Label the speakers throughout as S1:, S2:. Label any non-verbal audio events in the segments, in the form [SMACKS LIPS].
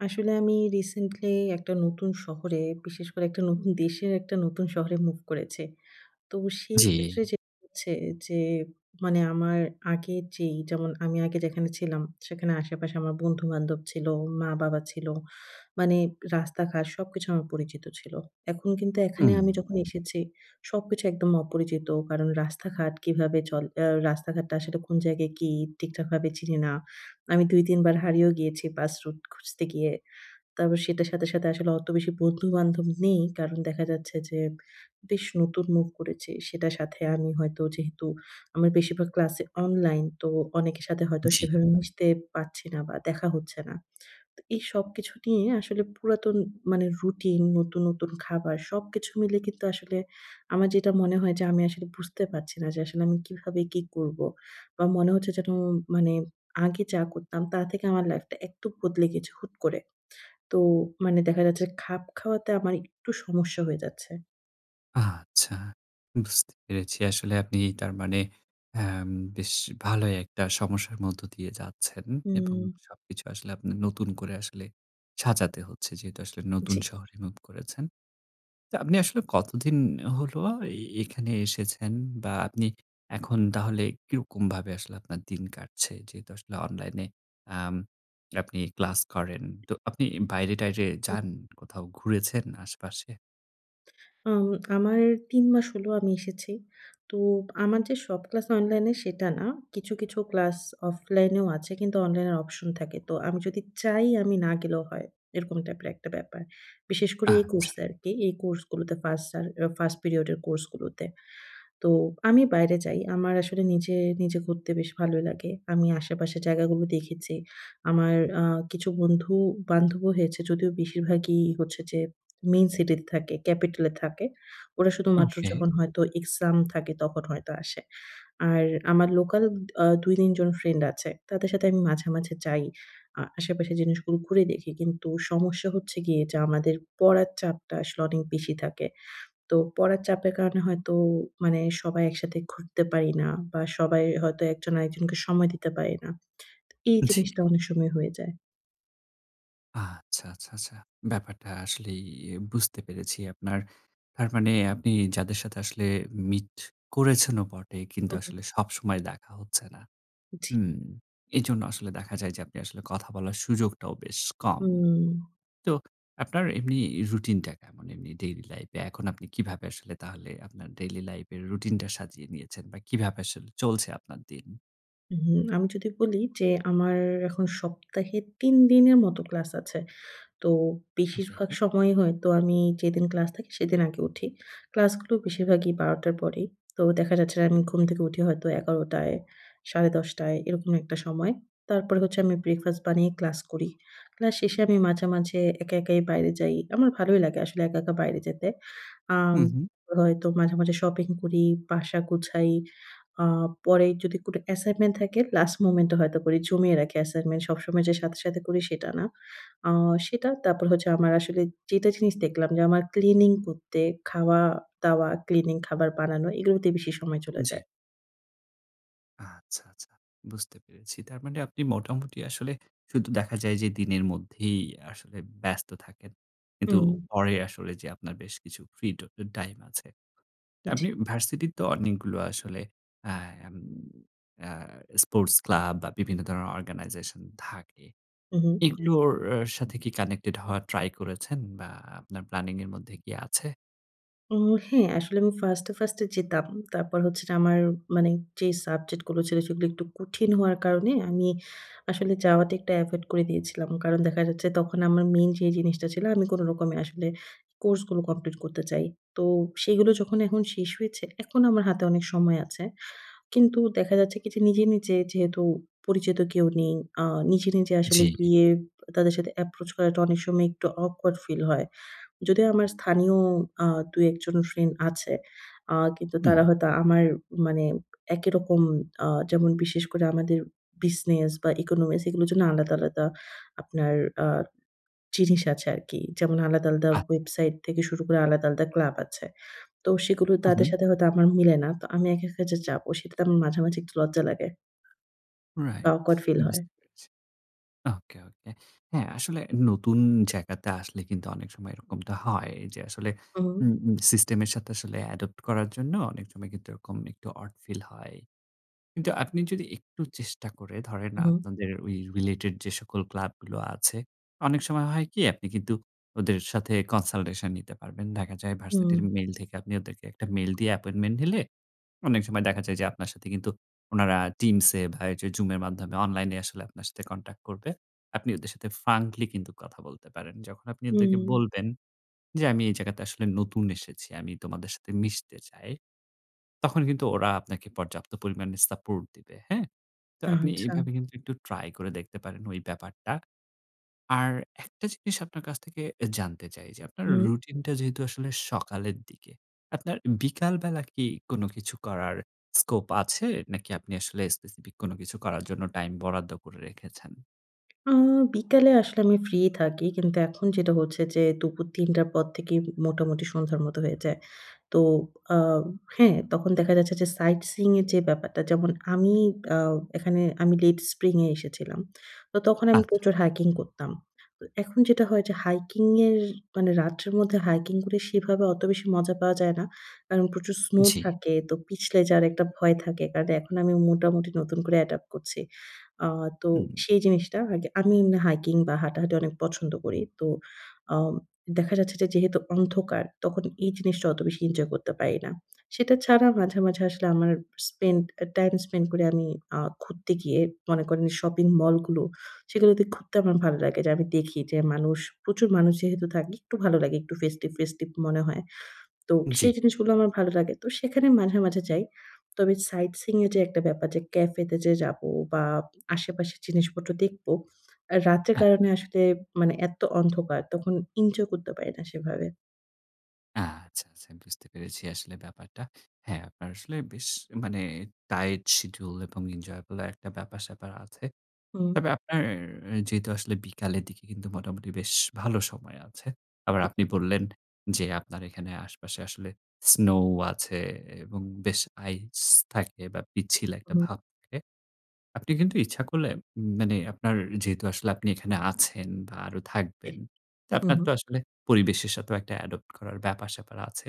S1: আসলে আমি রিসেন্টলি [CLICKS TONGUE] একটা নতুন শহরে বিশেষ করে, একটা নতুন দেশের একটা নতুন শহরে মুভ করেছি। তো সেইক্ষেত্রে
S2: জ্বি।
S1: যে হচ্ছে যে মানে আমার আগে যেই, যেমন আমি আগে যেখানে ছিলাম সেখানে আশেপাশে আমার বন্ধু-বান্ধব ছিল, মা-বাবা ছিল মানে রাস্তাঘাট সবকিছু আমার পরিচিত ছিল। এখন কিন্তু এখানে
S2: হুম।
S1: আমি যখন [BLOWS AIR] এসেছি সবকিছু একদম অপরিচিত। কারণ রাস্তাঘাট কিভাবে চল আ রাস্তাঘাটটা আসলে কোন জায়গায় কি ঠিকঠাকভাবে চিনি না। আমি ২, ৩ বার হারিয়েও গিয়েছি বাস রুট খুঁজতে গিয়ে। তারপর সেটার সাথে, সাথে, আসলে অত বেশি বন্ধু-বান্ধব নেই। কারণ [SMACKS LIPS] দেখা যাচ্ছে যে, বেশ নতুন মুভ করেছি। সেটার সাথে আমি হয়তো যেহেতু আমার বেশিরভাগ ক্লাসে অনলাইন। তো অনেকের সাথে হয়তো
S2: জি।
S1: সেভাবে [BLOWS AIR] মিশতে পারছি না বা দেখা হচ্ছে না। [SMACKS LIPS] তো এই সবকিছু নিয়ে আসলে পুরাতন মানে রুটিন, নতুন, নতুন, খাবার সবকিছু মিলে কিন্তু আসলে আমার যেটা মনে হয় যে আমি আসলে বুঝতে পারছি না। যে আসলে আমি কিভাবে কি করব? বা মনে হচ্ছে যেন মানে আগে যা করতাম তার থেকে আমার লাইফটা একটু বদলে গেছে হুট করে। তো মানে দেখা যাচ্ছে খাপ খাওয়াতে আমার একটু সমস্যা হয়ে যাচ্ছে।
S2: আচ্ছা, বুঝতে পেরেছি। আসলে আপনি তার মানে অ্যাম বেশ ভালোই একটা সমস্যার মধ্য দিয়ে যাচ্ছেন এবং
S1: হুম।
S2: সবকিছু আসলে আপনে নতুন করে আসলে সাজাতে হচ্ছে। যেহেতু আসলে নতুন
S1: জি।
S2: শহরে মুভ করেছেন। তো আপনি আসলে কতদিন হলো, এ এখানে এসেছেন বা আপনি এখন তাহলে কিরকমভাবে, আসলে আপনার দিন কাটছে? যেহেতু আসলে অনলাইনে আম আপনি ক্লাস করেন। তো আপনি বাইরে-টাইরে যান, কোথাও ঘুরেছেন আশেপাশে?
S1: অউম আমার ৩ মাস হলো আমি এসেছি। তো আমার যে সব ক্লাস অনলাইনে, সেটা না। কিছু, কিছু ক্লাস অফলাইনেও আছে কিন্তু, অনলাইনের অপশন থাকে। তো আমি যদি চাই, আমি না গেলেও হয়। এরকম টাইপের একটা ব্যাপার। বিশেষ করে এই কোর্স
S2: আচ্ছা।
S1: আরকি। এই কোর্সগুলোতে 1st সার 1st পিরিয়ড এর কোর্স গুলোতে। তো আমি বাইরে যাই। আমার আসলে নিজে, নিজে ঘুরতে বেশ ভালোই লাগে। আমি আশেপাশের জায়গাগুলো দেখেছি। আমার আ কিছু বন্ধু-বান্ধবও হয়েছে, যদিও বেশিরভাগই হচ্ছে যে, মেইন সিটিতে থাকে, ক্যাপিটালে থাকে। ওরা শুধুমাত্র
S2: ওকে।
S1: যখন হয়তো এক্সাম থাকে, তখন হয়তো আসে। আর আমার লোকাল আ ২-৩ জন ফ্রেন্ড আছে। তাদের সাথে আমি মাঝে, মাঝে যাই। আ আশেপাশের জিনিসগুলো ঘুরে দেখি। কিন্তু সমস্যা হচ্ছে গিয়ে যে, আমাদের পড়ার চাপটা আসলে অনেক বেশি থাকে। তো পড়ার চাপের কারণে হয়তো মানে, সবাই একসাথে ঘুরতে পারি না বা সবাই হয়তো, একজন আরেকজনকে সময় দিতে পারি না। এই
S2: জি।
S1: জিনিসটা অনেক সময় হয়ে যায়।
S2: আচ্ছা, আচ্ছা, আচ্ছা। ব্যাপারটা আসলেই এ বুঝতে পেরেছি আপনার। আর মানে আপনি যাদের সাথে আসলে মিট করেছেনও বটে, কিন্তু
S1: হুম, হুম।
S2: আসলে সবসময় দেখা হচ্ছে না।
S1: জি।
S2: হুম, এজন্য আসলে দেখা যায় যে, আপনি আসলে কথা বলার সুযোগটাও বেশ কম।
S1: হুম।
S2: তো আপনার এমনি রুটিনটা কেমন এমনি ডেইলি লাইফে, এখন আপনি কিভাবে আসলে তাহলে, আপনার ডেইলি লাইফ এর রুটিনটা সাজিয়ে নিয়েছেন বা কিভাবে চলছে আপনার দিন?
S1: হুম, আমি যদি বলি যে, আমার এখন সপ্তাহে ৩ দিনের মতো ক্লাস আছে। তো
S2: ওকে।
S1: বেশিরভাগ সময়ই হয়তো আমি যেদিন ক্লাস থাকে সেদিন আগে উঠি। ক্লাসগুলো বেশিরভাগই ১২ টার পরেই। তো দেখা যাচ্ছে যে, আমি ঘুম থেকে উঠি হয়তো ১১ টায়, সাড়ে ১০ টায় এরকম একটা সময়। তারপরে হচ্ছে আমি ব্রেকফাস্ট বানিয়ে ক্লাস করি। ক্লাস শেষে আমি মাঝে, মাঝে একা, একাই বাইরে যাই। আমার ভালোই লাগে আসলে একা, একা বাইরে যেতে। আম
S2: হুম, হুম।
S1: হয়তো মাঝে, মাঝে শপিং করি, বাসা গোছাই। আ পরে যদি কোন অ্যাসাইনমেন্ট থাকে, লাস্ট মোমেন্টে হয়তো করি, জমিয়ে রাখি অ্যাসাইনমেন্ট সবসময় যে সাথে, সাথে করি সেটা না। আ সেটা তারপর হচ্ছে, আমার আসলে যেটা জিনিস দেখলাম যে, আমার ক্লিনিং করতে, খাওয়া-দাওয়া, ক্লিনিং খাবার বানানো, এগুলোতে বেশি সময় চলে
S2: জি।
S1: যায়।
S2: আচ্ছা, আচ্ছা। বুঝতে পেরেছি। তার মানে আপনি মোটামুটি আসলে শুধু দেখা যায় যে, দিনের মধ্যেই আসলে ব্যস্ত থাকেন। কিন্তু
S1: হুম।
S2: পরে আসলে যে আপনার বেশ কিছু ফ্রি ট টাইম আছে।
S1: জি।
S2: আপনি ভার্সিটি তো অনেকগুলো আসলে অ্যা অ্যা স্পোর্টস ক্লাব বা বিভিন্ন ধরনের অর্গানাইজেশন থাকে।
S1: হুম, হুম।
S2: এগুলোর সাথে কি কানেক্টেড হওয়া ট্রাই করেছেন বা আপনার প্ল্যানিং এর মধ্যে কি আছে?
S1: হুম, হ্যাঁ, আসলে আমি ফার্স্ট এ ফার্স্ট এ যেতাম। তারপর হচ্ছে আমার মানে যে সাবজেক্ট গুলো ছিল, সেগুলো একটু কঠিন হওয়ার কারণে আমি আসলে যাওয়াতে একটা এভয়েদ করে দিয়েছিলাম। কারণ দেখা যাচ্ছে, তখন আমার মেইন যে জিনিসটা ছিল আমি কোন রকমে আসলে কোর্স গুলো কমপ্লিট করতে চাই। তো সেগুলো যখন এখন শেষ হয়েছে, এখন আমার হাতে অনেক সময় আছে। কিন্তু দেখা যাচ্ছে কি, নিজে, নিজে যেহেতু পরিচিত কেউ নেই, আ নিজে, নিজে আসলে
S2: জি।
S1: গিয়ে তাদের সাথে এপ্রোচ করাটা অনেক সময় একটু অকওয়ার্ড ফিল হয়। যদিও আমার স্থানীয় আ ২ ১ জন ফ্রেন্ড আছে, আ কিন্তু
S2: হুম।
S1: তারা হয়তো আমার মানে একই রকম, আ যেমন বিশেষ করে আমাদের বিজনেস বা ইকোনমিক্স এগুলোর জন্য আলাদা, আলাদা আপনার আ জিনিস আছে আরকি। যেমন আলাদা, আলাদা
S2: আচ্ছা।
S1: ওয়েবসাইট থেকে শুরু করে আলাদা, আলাদা ক্লাব আছে। তো সেগুলো
S2: হুম,
S1: তাদের
S2: হুম।
S1: সাথে হয়তো আমার মিলে না। তো আমি একা, একা যে যাব, সেটাতে আমার মাঝামাঝি একটু লজ্জা লাগে। বা
S2: রাইট,
S1: অকওয়ার্ড ফিল হয়।
S2: বুঝতে পেরেছি। ওকে, ওকে। হ্যাঁ, আসলে নতুন জায়গাতে আসলে কিন্তু অনেক সময় এরকমটা হয় যে, আসলে
S1: হুম।
S2: উম সিস্টেম এর সাথে আসলে অ্যাডপ্ট করার জন্য অনেক সময় কিন্তু এরকম একটু ওড ফিল হয়। কিন্তু আপনি যদি একটু চেষ্টা করে ধরেন,
S1: হুম।
S2: আপনাদের ঐ রিলেটেড যে সকল ক্লাবগুলো আছে। অনেক সময় হয় কি, আপনি কিন্তু ওদের সাথে কনসালটেশন নিতে পারবেন। দেখা যায়
S1: হুম।
S2: ভার্সিটির মেইল থেকে আপনি ওদেরকে একটা মেইল দিয়ে অ্যাপয়েন্টমেন্ট নিলে, অনেক সময় দেখা যায় যে, আপনার সাথে কিন্তু উনারা টিমসে বা জুমের মাধ্যমে অনলাইনে আসলে আপনার সাথে কনট্যাক্ট করবে। আপনি ওদের সাথে ফ্র্যাঙ্কলি কিন্তু কথা বলতে পারেন। যখন আপনি ওদেরকে
S1: হুম।
S2: বলবেন যে, আমি এই জায়গাতে আসলে নতুন এসেছি। আমি তোমাদের সাথে মিশতে চাই। তখন কিন্তু ওরা আপনাকে পর্যাপ্ত পরিমাণে সাপোর্ট দিবে, হ্যাঁ? তো আপনি
S1: আচ্ছা।
S2: এভাবে কিন্তু একটু ট্রাই করে দেখতে পারেন, ওই ব্যাপারটা। আর একটা জিনিস আপনার কাছ থেকে জানতে চাই যে, আপনার
S1: হুম।
S2: রুটিনটা যেহেতু আসলে সকালের দিকে, আপনার বিকালবেলা কি কোন কিছু করার স্কোপ আছে, নাকি আপনি আসলে স্পেসিফিক কোন কিছু করার জন্য টাইম বরাদ্দ করে রেখেছেন?
S1: আ বিকালে আসলে আমি ফ্রি থাকি। কিন্তু এখন যেটা হচ্ছে যে দুপুর ৩:০০ পর থেকেই মোটামুটি সন্ধ্যার মত হয়ে যায়। তো আ হ্যাঁ তখন দেখা যাচ্ছে যে সাইটসিং এর যে ব্যাপারটা যেমন আমি আউ এখানে আমি লেট স্প্রিং এ এসেছিলাম। তো তখন আমি
S2: আচ্ছা।
S1: প্রচুর হাইকিং করতাম। তো এখন যেটা হয় যে হাইকিং এর মানে রাত্রের মধ্যে হাইকিং করে সেভাবে অত বেশি মজা পাওয়া যায় না। কারণ প্রচুর স্নো
S2: জি।
S1: থাকে। তো পিছলে যার একটা ভয় থাকে। কারণ এখন আমি মোটামুটি নতুন করে অ্যাডপ্ট করছি। আ তো
S2: হুম।
S1: সেই জিনিসটা আগে আমি হাইকিং বা হাঁটাহাঁটি অনেক পছন্দ করি। তো আম দেখা যাচ্ছে যে যেহেতু অন্ধকার তখন এই জিনিসটা অত বেশি এনজয় করতে পারি না। সেটা ছাড়া মাঝে মাঝে আসলে আমার স্পেন্ড টাইম স্পেন্ড করি আমি আ ঘুরতে গিয়ে মনে করে শপিং মল গুলো সেগুলোতে ঘুরতে আমার ভালো লাগে যে আমি দেখি যে মানুষ প্রচুর মানুষ যেহেতু থাকে একটু ভালো লাগে একটু ফেস্টিভ-ফেস্টিভ মনে হয়। তো সেই
S2: জি।
S1: জিনিসগুলো আমার ভালো লাগে। তো সেখানে মাঝে মাঝে যাই। তবে সাইটসিং এর যে একটা ব্যাপার যে ক্যাফেতে যে যাবো বা আশেপাশের জিনিসপত্র দেখব। রাতের
S2: হ্যাঁ।
S1: কারণে আসলে মানে এত অন্ধকার। তখন ইনজয় করতে পারি না সেভাবে।
S2: আচ্ছা, আচ্ছা বুঝতে পেরেছি আসলে ব্যাপারটা। হ্যাঁ, আপনার আসলে বেশ মানে টাইট শিডিউল এবং enjoyable একটা ব্যাপার-স্যাপার আছে।
S1: হুম।
S2: তবে আপনার যেহেতু আসলে বিকালের দিকে কিন্তু মোটামুটি বেশ ভালো সময় আছে। আবার আপনি বললেন, যে আপনার এখানে আশেপাশে আসলে স্নো আছে এবং বেশ আইস থাকে বা পিচ্ছিল একটা
S1: হুম।
S2: ভাব থাকে। আপনি কিন্তু ইচ্ছা করলে মানে আপনার যেহেতু আসলে আপনি এখানে আছেন বা আরও
S1: ইহ
S2: থাকবেন।
S1: হুম,
S2: আপনার তো
S1: হুম।
S2: আসলে পরিবেশের সাথেও একটা adopt করার ব্যাপার-স্যাপার আছে।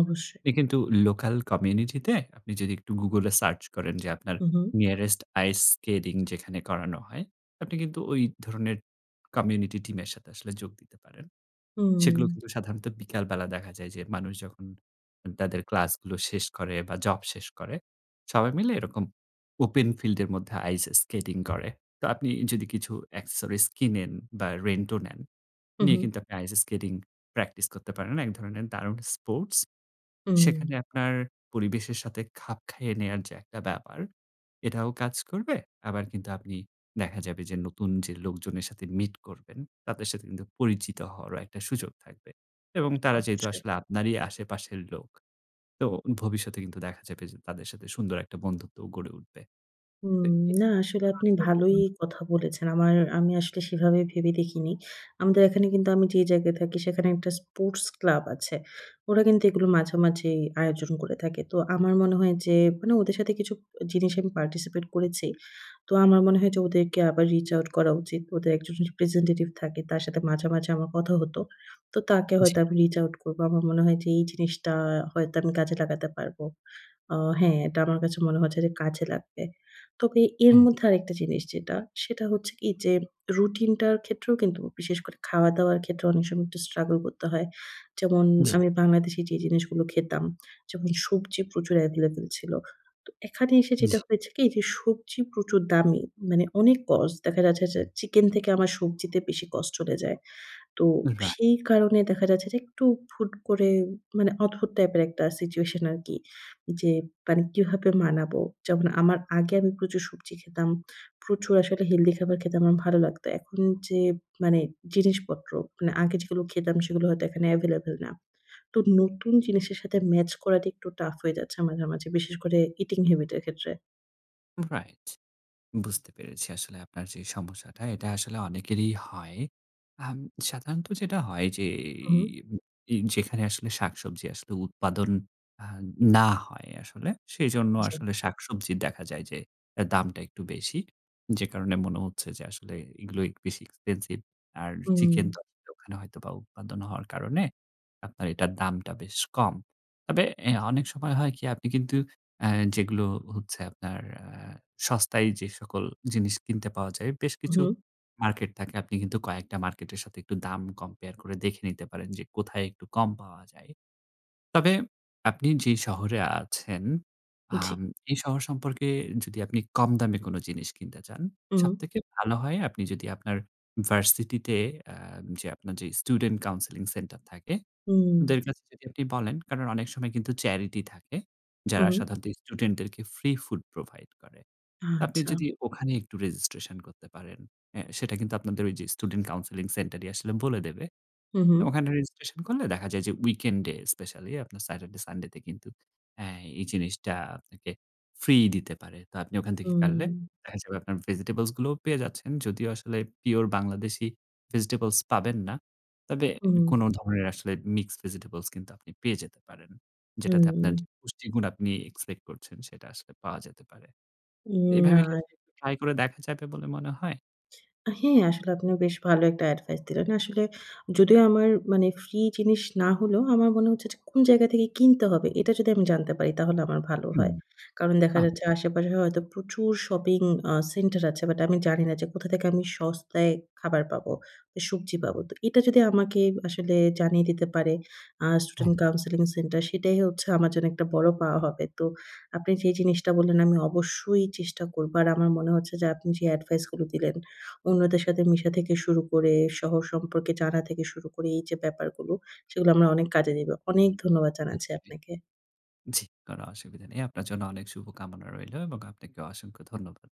S1: অবশ্যই।
S2: আপনি কিন্তু লোকাল কমিউনিটিতে আপনি যদি একটু গুগল এ সার্চ করেন, যে আপনার
S1: হুম, হুম।
S2: nearest ice skating যেখানে করানো হয়, আপনি কিন্তু ওই ধরনের কমিউনিটি টিমের সাথে আসলে যোগ দিতে পারেন। সেগুলো
S1: উম
S2: কিন্তু সাধারণত বিকালবেলা দেখা যায় যে মানুষ যখন তাদের ক্লাসগুলো শেষ করে বা জব শেষ করে সবাই মিলে এরকম ওপেন ফিল্ড এর মধ্যে আইস স্কেটিং করে। তো আপনি যদি কিছু accessories কিনেন বা রেন্ট ও নেন নিয়ে
S1: উহু।
S2: কিন্তু আপনি আইস স্কেটিং প্র্যাকটিস করতে পারেন। এক ধরনের দারুণ স্পোর্টস। সেখানে
S1: উম
S2: আপনার পরিবেশের সাথে খাপ খাইয়ে নেওয়ার যে একটা ব্যাপার এটাও কাজ করবে। আবার কিন্তু আপনি দেখা যাবে যে নতুন যে লোকজনের সাথে মিট করবেন তাদের সাথে কিন্তু পরিচিত হওয়ারও একটা সুযোগ থাকবে এবং তারা যেহেতু
S1: অবশ্যই।
S2: আসলে আপনারই আশেপাশের লোক। তো ভবিষ্যতে কিন্তু দেখা যাবে যে তাদের সাথে সুন্দর একটা বন্ধুত্বও গড়ে উঠবে।
S1: হুম, না আসলে আপনি ভালোই
S2: [UNINTELLIGIBLE]
S1: কথা বলেছেন। আমার, আমি আসলে সেভাবে ভেবে দেখিনি। আমাদের এখানে কিন্তু আমি যে জায়গায় থাকি সেখানে একটা স্পোর্টস ক্লাব আছে। ওরা কিন্তু এগুলো মাঝেমাঝেই আয়োজন করে থাকে। তো আমার মনে হয় যে, মানে ওদের সাথে কিছু জিনিস আমি participate করেছি। তো আমার মনে হয় যে ওদেরকে আবার reach out করা উচিত। ওদের একজন representative থাকে তার সাথে মাঝে, মাঝে আমার কথা হত। তো তাকে
S2: জি।
S1: হয়তো আমি reach out করব। আমার মনে হয় যে এই জিনিসটা হয়তো আমি কাজে লাগাতে পারবো। অ হ্যাঁ, এটা আমার কাছে মনে হয়েছে যে কাজে লাগবে। তবে এর
S2: হ্যাঁ।
S1: মধ্যে আরেকটা জিনিস যেটা, সেটা হচ্ছে কি যেম রুটিনটার ক্ষেত্রেও কিন্তু বিশেষ করে খাওয়া-দাওয়ার ক্ষেত্রেও অনেক সময় একটু struggle করতে হয়। যেমন,
S2: জি।
S1: আমি বাংলাদেশে যেই জিনিসগুলো খেতাম, যেমন সবজি প্রচুর available ছিল। তো এখানে এসে
S2: জি।
S1: যেটা হয়েছে কি যে, সবজি প্রচুর দামি। মানে অনেক cost দেখা যাচ্ছে যে চিকেন থেকে আমার সবজিতে বেশি কস্ট চলে যায়। তো
S2: রাই
S1: সেই কারণে দেখা যাচ্ছে যে একটু হুট করে মানে অদ্ভুত টাইপের একটা সিচুয়েশন আরকি। যে মানে কিভাবে মানাবো? যেমন আমার আগে আমি প্রচুর সবজি খেতাম। প্রচুর আসলে healthy খাবার খেতে আমার ভালো লাগতো। এখন যে মানে জিনিসপত্র মানে আগে যেগুলো খেতাম সেগুলো হয়তো এখানে available না। তো নতুন জিনিসের সাথে ম্যাচ করাটা একটু টাফ হয়ে যাচ্ছে মাঝে, মাঝে বিশেষ করে eating habit এর ক্ষেত্রে।
S2: রাইট। বুঝতে পেরেছি আসলে আপনার যে সমস্যাটা এটা আসলে অনেকেরই হয়। উম সাধারণত যেটা হয় যে,
S1: হুম।
S2: এ যেখানে আসলে শাকসবজি আসলে উৎপাদন আ না হয়, আসলে সেজন্য
S1: জি।
S2: আসলে শাকসবজির দেখা যায় যে দামটা একটু বেশি। যে কারণে মনে হচ্ছে যে, আসলে এগুলো বেশি এক্সপেনসিভ। আর
S1: হুম।
S2: চিকেন তো আসলে ওখানে হয়তোবা উৎপাদন হওয়ার কারণে আপনার এটার দামটা বেশ কম। তবে অ্যা অনেক সময় হয় কি আপনি কিন্তু অ্যা যেগুলো হচ্ছে আপনার আ সস্তায় যে সকল জিনিস কিনতে পাওয়া যায়, বেশ কিছু
S1: হুম।
S2: মার্কেট থাকে। আপনি কিন্তু কয়েকটা মার্কেটের সাথে একটু দাম কম্পেয়ার করে দেখে নিতে পারেন, যে কোথায় একটু কম পাওয়া যায়। তবে আপনি যে শহরে আছেন,
S1: জি।
S2: আম এই শহর সম্পর্কে যদি আপনি কম দামে কোন জিনিস কিনতে চান,
S1: হুম।
S2: সবথেকে ভালো হয় আপনি যদি আপনার ভার্সিটি তে আ যে আপনার যে স্টুডেন্ট কাউন্সেলিং সেন্টার থাকে,
S1: হুম।
S2: ওদের কাছে যদি আপনি বলেন, কারণ, অনেক সময় কিন্তু চ্যারিটি থাকে, যারা
S1: হুম।
S2: সাধারণত স্টুডেন্টদেরকে ফ্রি ফুড প্রোভাইড করে। আপনি
S1: আচ্ছা।
S2: যদি ওখানে একটু রেজিস্ট্রেশন করতে পারেন, অ্যা সেটা কিন্তু আপনাদের ঐ যে স্টুডেন্ট কাউন্সেলিং সেন্টারই আসলে বলে দেবে।
S1: হুম, হুম।
S2: ওখানে রেজিস্ট্রেশন করলে দেখা যায় যে, উইকেন্ডে স্পেশালি আপনার স্যাটারডে, সানডেতে কিন্তু অ্যা এই জিনিসটা আপনাকে ফ্রি দিতে পারে। তো আপনি ওখান থেকে করলে দেখা যাবে, আপনার ভেজিটেবলস গুলোও পেয়ে যাচ্ছেন। যদিও আসলে পিওর বাংলাদেশী ভেজিটেবলস পাবেন না, তবে
S1: হুম।
S2: কোন ধরনের আসলে মিক্সড ভেজিটেবলস কিন্তু আপনি পেয়ে যেতে পারেন। যেটাতে আপনার যে
S1: হুম।
S2: পুষ্টিগুণ আপনি এক্সপেক্ট করছেন, সেটা আসলে পাওয়া যেতে পারে। এভাবে কি
S1: নার।
S2: আসলে ট্রাই করে দেখা যাবে বলে মনে হয়?
S1: হ্যাঁ, আসলে আপনি বেশ ভালো একটা এডভাইস দিলেন। আসলে যদিও আমার মানে ফ্রি জিনিস না হলেও, আমার মনে হচ্ছে যে কোন জায়গা থেকে কিনতে হবে, এটা যদি আমি জানতে পারি তাহলে আমার ভালো
S2: হুম,
S1: হয়। কারণ দেখা
S2: আম
S1: যাচ্ছে, আশেপাশে হয়তো প্রচুর শপিং আ সেন্টার আছে বাট আমি জানি না যে, কোথা থেকে আমি সস্তায় খাবার পাবো, সবজি পাবো। তো এটা যদি আমাকে আসলে জানিয়ে দিতে পারে, আ
S2: হুম।
S1: স্টুডেন্ট কাউন্সেলিং সেন্টার, সেটাই হচ্ছে আমার জন্য একটা বড় পাওয়া হবে। তো আপনি যে জিনিসটা বললেন, আমি অবশ্যই চেষ্টা করব। আর আমার মনে হচ্ছে যে, আপনি যে এডভাইস গুলো দিলেন, অন্যদের সাথে মিশা থেকে শুরু করে, শহর সম্পর্কে জানা থেকে শুরু করে, এই যে ব্যাপারগুলো, সেগুলো আমরা অনেক কাজে দেবো। অনেক ধন্যবাদ জানাচ্ছি
S2: নিশ্চয়ই।
S1: আপনাকে।
S2: জি, কোন অসুবিধা নেই। আপনার জন্য অনেক শুভকামনা রইলো এবং আপনাকে অসংখ্য ধন্যবাদ।